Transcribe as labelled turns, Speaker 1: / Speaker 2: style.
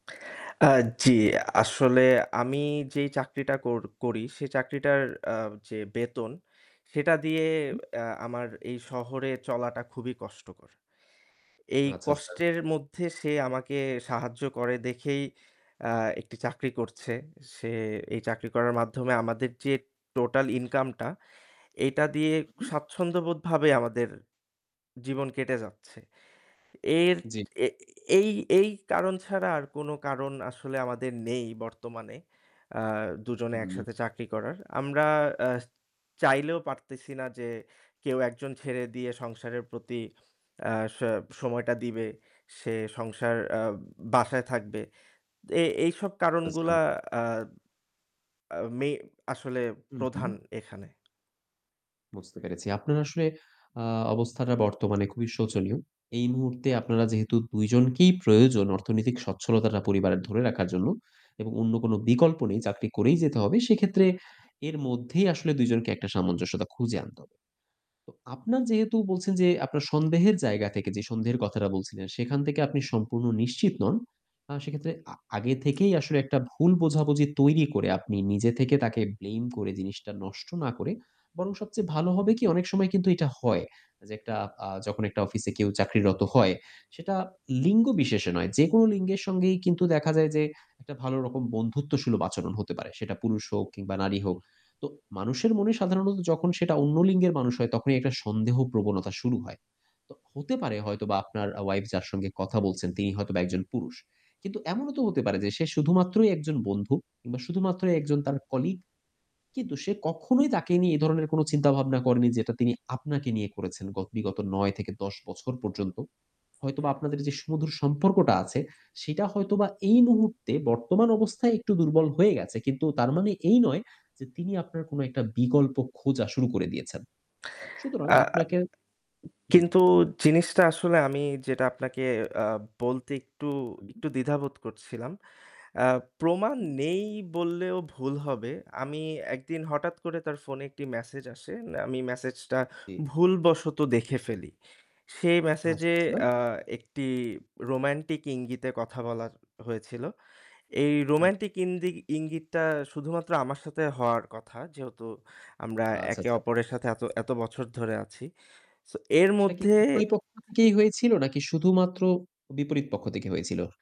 Speaker 1: আ জি আসলে আমি যেই চাকরিটা কর করি সে চাকরিটার আ যে বেতন সেটা দিয়ে
Speaker 2: উম
Speaker 1: আ আমার এই শহরে চলাটা খুবই কষ্টকর। এই
Speaker 2: আচ্ছা, আচ্ছা।
Speaker 1: কষ্টের মধ্যে সে আমাকে সাহায্য করে দেখেই আ একটি চাকরি করছে। সে এই চাকরি করার মাধ্যমে আমাদের যে টোটাল income টা এইটা দিয়ে
Speaker 2: উ
Speaker 1: স্বাচ্ছন্দ্যবোধ ভাবে আমাদের জীবন কেটে যাচ্ছে। এর
Speaker 2: জি।
Speaker 1: এই এই কারণ ছাড়া আর কোনো কারণ আসলে আমাদের নেই বর্তমানে আ দুজনে
Speaker 2: হু।
Speaker 1: একসাথে চাকরি করার। আমরা আ চাইলেও পারতেছি না যে কেউ একজন ছেড়ে দিয়ে সংসারের প্রতি আ স সময়টা দিবে, সে সংসার আ বাসায় থাকবে। এই এইসব
Speaker 2: আচ্ছা, আচ্ছা।
Speaker 1: কারণগুলা আ আ মে আসলে
Speaker 2: হু,
Speaker 1: প্রধান
Speaker 2: হু।
Speaker 1: এখানে।
Speaker 2: বুঝতে পেরেছি। আপনার আসলে আ অবস্থাটা বর্তমানে খুবই শোচনীয়। এই মুহূর্তে আপনারা যেহেতু ২ জন কি প্রয়োজন অর্থনৈতিক স্বচ্ছলতাটা পরিবারে ধরে রাখার জন্য এবং অন্য কোনো বিকল্প নেই, চাকরি করেই যেতে হবে। সেক্ষেত্রে এর মধ্যেই আসলে ২ জনকে একটা সামঞ্জস্যতা খুঁজে আনতে হবে। তো আপনার যেহেতু বলছেন যে আপনার সন্দেহের জায়গা থেকে যে সন্দেহের কথাটা বলছিলেন সেখান থেকে আপনি সম্পূর্ণ নিশ্চিত নন। আ সেক্ষেত্রে আ আগে থেকেই আসলে একটা ভুল বোঝাবুঝি তৈরি করে আপনি নিজে থেকে তাকে blame করে জিনিসটা নষ্ট না করে বরং সবচেয়ে ভালো হবে কি, অনেক সময় কিন্তু এটা হয় যে একটা আ যখন একটা অফিসে কেউ চাকরিরত হয়
Speaker 1: [unintelligible]
Speaker 2: সেটা লিঙ্গবিশেষে নয় যেকোনো লিঙ্গের সঙ্গেই কিন্তু দেখা যায় যে একটা ভালো রকম বন্ধুত্বসুলভ আচরণ হতে পারে। সেটা পুরুষ হোক কিংবা নারী হোক। তো মানুষের মনে সাধারণত যখন সেটা অন্য লিঙ্গের মানুষ হয় তখনই একটা সন্দেহপ্রবণতা শুরু হয়। তো হতে পারে হয়তোবা আপনার আ wife যার সঙ্গে কথা বলছেন তিনি হয়তোবা একজন পুরুষ। কিন্তু এমনও তো হতে পারে যে সে শুধুমাত্রই একজন বন্ধু কিংবা শুধুমাত্র একজন তার colleague. কিন্তু সে কখনোই তাকে নিয়ে এই ধরনের কোনো চিন্তাভাবনা করেনি যেটা তিনি আপনাকে নিয়ে করেছেন গ বিগত ৯ থেকে ১০ বছর পর্যন্ত। হয়তোবা আপনাদের যে সুমধুর সম্পর্কটা আছে সেটা হয়তোবা এই মুহূর্তে বর্তমান অবস্থায় একটু দুর্বল হয়ে গেছে। কিন্তু তার মানে এই নয় যে তিনি আপনার কোনো একটা বিকল্প খোঁজা শুরু করে দিয়েছেন। সুতরাং
Speaker 1: আ আ
Speaker 2: আপনাকে জি।
Speaker 1: কিন্তু জিনিসটা আসলে আমি যেটা আপনাকে আ বলতে একটু,
Speaker 2: হু।
Speaker 1: একটু দ্বিধাবোধ করছিলাম। আ প্রমাণ
Speaker 2: উ
Speaker 1: নেই বললেও ভুল হবে। আমি একদিন হঠাৎ করে তার ফোনে একটি message আসে। আমি message টা
Speaker 2: জি।
Speaker 1: ভুলবশত দেখে ফেলি। সেই message
Speaker 2: আচ্ছা,
Speaker 1: এ
Speaker 2: আচ্ছা।
Speaker 1: আ একটি romantic ইঙ্গিতে কথা বলা হয়েছিল। এই
Speaker 2: হু।
Speaker 1: romantic ইন্দি ইঙ্গিতটা শুধুমাত্র আমার সাথে হওয়ার কথা যেহেতু আমরা
Speaker 2: আচ্ছা,
Speaker 1: একে
Speaker 2: আচ্ছা।
Speaker 1: অপরের সাথে এত এত বছর ধরে আছি। so এর
Speaker 2: সেটা কি
Speaker 1: মধ্যে
Speaker 2: উভয় পক্ষ থেকেই হয়েছিল নাকি শুধুমাত্র বিপরীত পক্ষ থেকে হয়েছিল?